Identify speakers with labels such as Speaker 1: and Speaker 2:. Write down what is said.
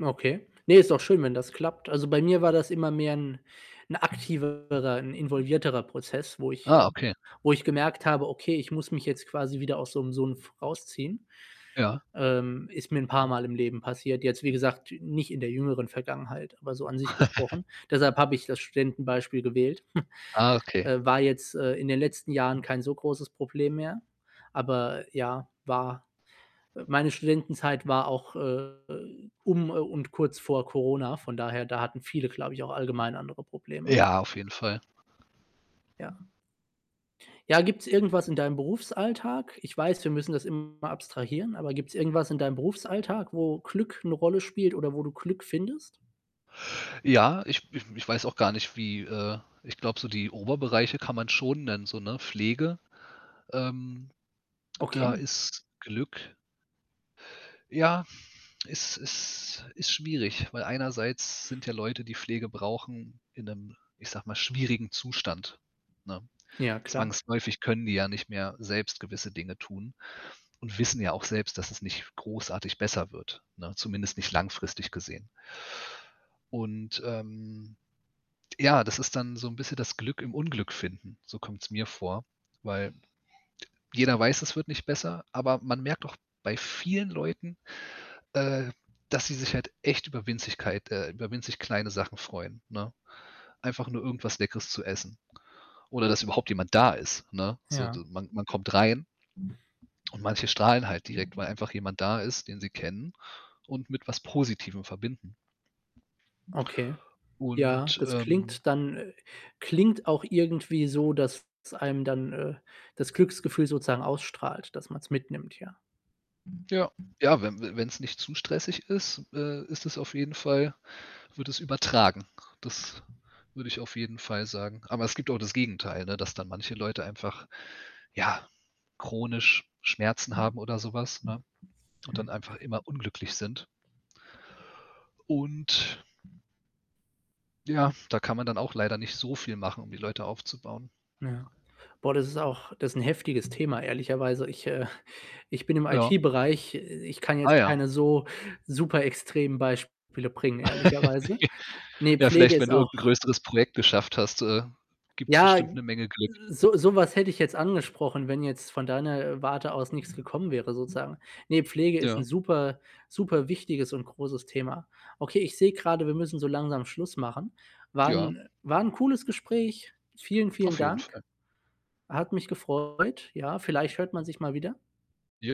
Speaker 1: Okay. Ne, ist doch schön, wenn das klappt. Also, bei mir war das immer mehr ‘n ‘n aktivere ‘n involvierterer Prozess, wo ich, äh
Speaker 2: Ah, okay.
Speaker 1: wo ich gemerkt habe: „Okay, ich muss mich jetzt quasi wieder aus so‘m so 'n f rausziehen.”
Speaker 2: Ja.
Speaker 1: Ähm, ist mir ‘n paarmal im Leben passiert. Jetzt, wie gesagt, nicht in der jüngeren Vergangenheit, aber so an sich gesprochen. Deshalb habe ich das Studentenbeispiel gewählt.
Speaker 2: Ah, okay.
Speaker 1: Äh, war jetzt, äh, in den letzten Jahren kein so großes Problem mehr, aber ja, war äh, meine Studentenzeit war auch, äh, um, äh, und kurz vor Corona. Von daher, da hatten viele, glaube ich, auch allgemein andere Probleme.
Speaker 2: Ja, auf jeden Fall.
Speaker 1: Ja. Ja, gibt‘s irgendwas in deinem Berufsalltag? Ich weiß, wir müssen das immer abstrahieren, aber gibt‘s irgendwas in deinem Berufsalltag, wo Glück ‘ne Rolle spielt oder wo du Glück findest?
Speaker 2: Ja, ich ich ich weiß auch gar nicht, wie, äh ich glaube, so die Oberbereiche kann man schon nennen so, ne, Pflege, ähm, da
Speaker 1: Okay.
Speaker 2: ist Glück ja, ist ist ist schwierig, weil einerseits sind ja Leute, die Pflege brauchen in ‘nem, ich sage mal, schwierigen Zustand, ne?
Speaker 1: Ja, klar.
Speaker 2: Zwangsläufig können die ja nicht mehr selbst gewisse Dinge tun und wissen ja auch selbst, dass es nicht großartig besser wird, ne? Zumindest nicht langfristig gesehen. Und, ähm, ja, das ist dann so ‘n bisschen das Glück im Unglück finden, so kommt‘s mir vor, weil jeder weiß, es wird nicht besser, aber man merkt auch bei vielen Leuten, äh, dass sie sich halt echt über Winzigkeit äh, über winzig kleine Sachen freuen, ne? Einfach nur irgendwas Leckeres zu essen oder dass überhaupt jemand da ist, ne? So,
Speaker 1: Ja.
Speaker 2: de man man kommt rein und manche strahlen halt direkt, weil einfach jemand da ist, den sie kennen und mit was Positivem verbinden.
Speaker 1: Okay. Ja,
Speaker 2: Und,
Speaker 1: das
Speaker 2: ähm
Speaker 1: klingt dann, äh klingt auch irgendwie so, dass es einem dann, äh, das Glücksgefühl sozusagen ausstrahlt, dass man‘s mitnimmt, ja.
Speaker 2: Ja. Ja, wenn wenn‘s nicht zu stressig ist, äh, ist es auf jeden Fall wird es übertragen. Das würde ich auf jeden Fall sagen. Aber es gibt auch das Gegenteil, ne, dass dann manche Leute einfach, ja, chronisch Schmerzen haben oder so was, ne, und dann einfach immer unglücklich sind. Und ja, da kann man dann auch leider nicht so viel machen, um die Leute aufzubauen.
Speaker 1: Ja. Boah, das ist auch das ist ‘n heftiges Thema, ehrlicherweise. Ich, äh ich bin im
Speaker 2: Ja.
Speaker 1: IT-Bereich. Äh, ich kann jetzt
Speaker 2: Ah, ja.
Speaker 1: keine so superextremen Beispiele bringen, ehrlicherweise. Ne,
Speaker 2: Ja,
Speaker 1: Pflege
Speaker 2: vielleicht, wenn
Speaker 1: ist
Speaker 2: du
Speaker 1: auch
Speaker 2: irgend 'n größeres Projekt geschafft hast, äh, gibt's
Speaker 1: Ja,
Speaker 2: bestimmt ‘ne Menge Glück.
Speaker 1: so so was hätte ich jetzt angesprochen, wenn jetzt von deiner, äh, Warte aus nix gekommen wäre sozusagen. Ne, Pflege ist ‘n
Speaker 2: Ja.
Speaker 1: super superwichtiges und großes Thema. Okay, ich sehe grade, wir müssen so langsam Schluss machen. War
Speaker 2: Ja.
Speaker 1: ‘n war ‘n cooles Gespräch. Vielen, vielen
Speaker 2: Auf jeden
Speaker 1: Dank.
Speaker 2: Fall.
Speaker 1: Hat mich gefreut. Ja, vielleicht hört man sich mal wieder.
Speaker 2: Ja.